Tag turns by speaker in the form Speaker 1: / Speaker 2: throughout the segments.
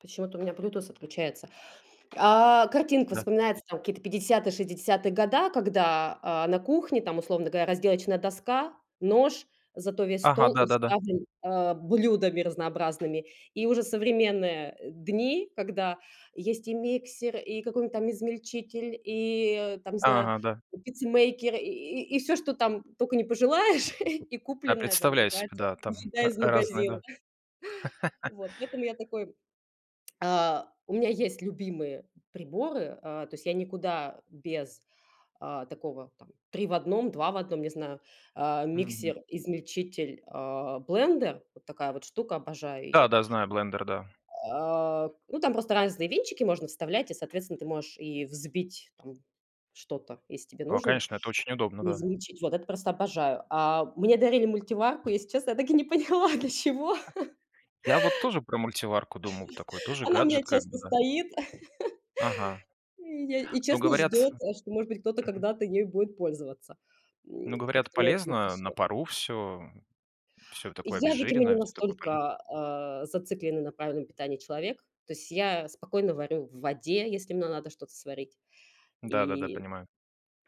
Speaker 1: Почему-то у меня блютуз отключается. А, картинка
Speaker 2: Да.
Speaker 1: вспоминается: там какие-то 50-е, 60-е года, когда, а, на кухне там, условно говоря, разделочная доска, нож, зато весь
Speaker 2: Ага,
Speaker 1: стол
Speaker 2: да-да-да.
Speaker 1: уставлен, э, блюдами разнообразными. И уже современные, э, дни, когда есть и миксер, и какой-нибудь там измельчитель, и там, не знаю,
Speaker 2: Ага, да.
Speaker 1: пиццемейкер, и и всё, что там только не пожелаешь, и
Speaker 2: Я
Speaker 1: купленная там
Speaker 2: представляю себе, да,
Speaker 1: [unintelligible]
Speaker 2: там,
Speaker 1: еда
Speaker 2: э,
Speaker 1: из
Speaker 2: разные,
Speaker 1: магазина.
Speaker 2: да.
Speaker 1: Вот. Где-то у меня такой а, у меня есть любимые приборы. Э, то есть я никуда без, а, такого: там 3 в 1, 2 в 1, не знаю, а,
Speaker 2: Мгм.
Speaker 1: миксер, измельчитель, а, блендер. Вот такая вот штука, обожаю
Speaker 2: Да,
Speaker 1: её.
Speaker 2: да, знаю блендер, да.
Speaker 1: А, ну, там просто разные венчики можно вставлять. И, соответственно, ты можешь и взбить там что-то, если тебе
Speaker 2: Ко
Speaker 1: нужно,
Speaker 2: конечно, это очень удобно,
Speaker 1: и
Speaker 2: да.
Speaker 1: измельчить. Вот это просто обожаю. А, мне дарили мультиварку. Если честно, я так и не поняла, для чего.
Speaker 2: Я вот тоже про мультиварку думал, такой тоже
Speaker 1: Она у меня
Speaker 2: гаджет как бы,
Speaker 1: часто
Speaker 2: да.
Speaker 1: стоит.
Speaker 2: Ага,
Speaker 1: И я и
Speaker 2: но
Speaker 1: честно,
Speaker 2: говорят
Speaker 1: ждёт, да, что, может быть, кто-то
Speaker 2: мгм.
Speaker 1: когда-то ею будет пользоваться. М,
Speaker 2: Но говорят,
Speaker 1: как-то на это
Speaker 2: полезно на
Speaker 1: [unintelligible]
Speaker 2: пару всё, всё такое
Speaker 1: Я, видимо, не
Speaker 2: обезжиренное, всё такое поле
Speaker 1: настолько, э, зацикленный на правильном питании человек. То есть я спокойно варю в воде, если мне надо что-то сварить.
Speaker 2: Да-да-да,
Speaker 1: И
Speaker 2: понимаю.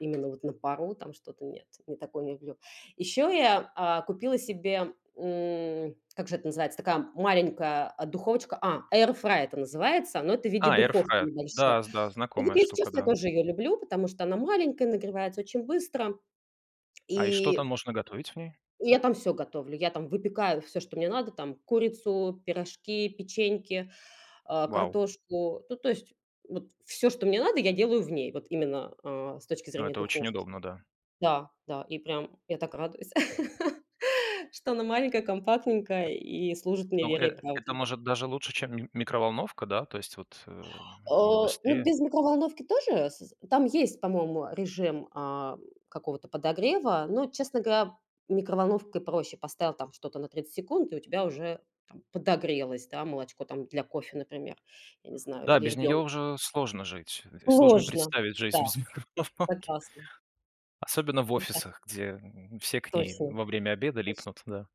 Speaker 1: именно вот на пару там что-то нет, не такое люблю. Еще я, а, купила себе, м, как же это называется, такая маленькая, а, духовочка. А, air fryer это называется, но это в виде
Speaker 2: А, air
Speaker 1: духовки
Speaker 2: fryer.
Speaker 1: небольшой.
Speaker 2: Да, з да,
Speaker 1: И вот,
Speaker 2: знакомая
Speaker 1: если
Speaker 2: штука,
Speaker 1: честно, я
Speaker 2: да.
Speaker 1: тоже ее люблю, потому что она маленькая, нагревается очень быстро.
Speaker 2: А, и что
Speaker 1: И,
Speaker 2: там можно готовить в ней?
Speaker 1: и я там всё готовлю. Я там выпекаю всё, что мне надо, там: курицу, пирожки, печеньки, э,
Speaker 2: Вау.
Speaker 1: картошку. Ну, то есть вот всё, что мне надо, я делаю в ней. Вот именно, э, с точки
Speaker 2: Ну,
Speaker 1: зрения
Speaker 2: это очень
Speaker 1: духовки.
Speaker 2: удобно, да.
Speaker 1: Да, да, и прям я так радуюсь, что она маленькая, компактненькая и служит мне
Speaker 2: Ну,
Speaker 1: верой и
Speaker 2: э это,
Speaker 1: правдой.
Speaker 2: может, даже лучше, чем ми микроволновка, да, то есть вот, э,
Speaker 1: Э,
Speaker 2: оно
Speaker 1: ну
Speaker 2: быстрее.
Speaker 1: без микроволновки тоже с там есть, по-моему, режим, а, какого-то подогрева. Но, честно говоря, микроволновкой проще. Поставил там что-то на 30 секунд, и у тебя уже там подогрелось, да, молочко там для кофе, например, я не знаю,
Speaker 2: Да,
Speaker 1: или
Speaker 2: без
Speaker 1: ребён
Speaker 2: неё уже сложно жить. Э, сложно
Speaker 1: Сложно,
Speaker 2: представить
Speaker 1: да.
Speaker 2: жизнь без микроволновки.
Speaker 1: Согласна.
Speaker 2: Особенно в
Speaker 1: Хотя
Speaker 2: офисах, где все к ней
Speaker 1: Точно.
Speaker 2: во время обеда
Speaker 1: Точ
Speaker 2: липнут, да.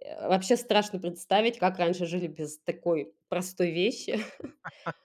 Speaker 1: Э, вообще, страшно представить, как раньше жили без такой простой вещи.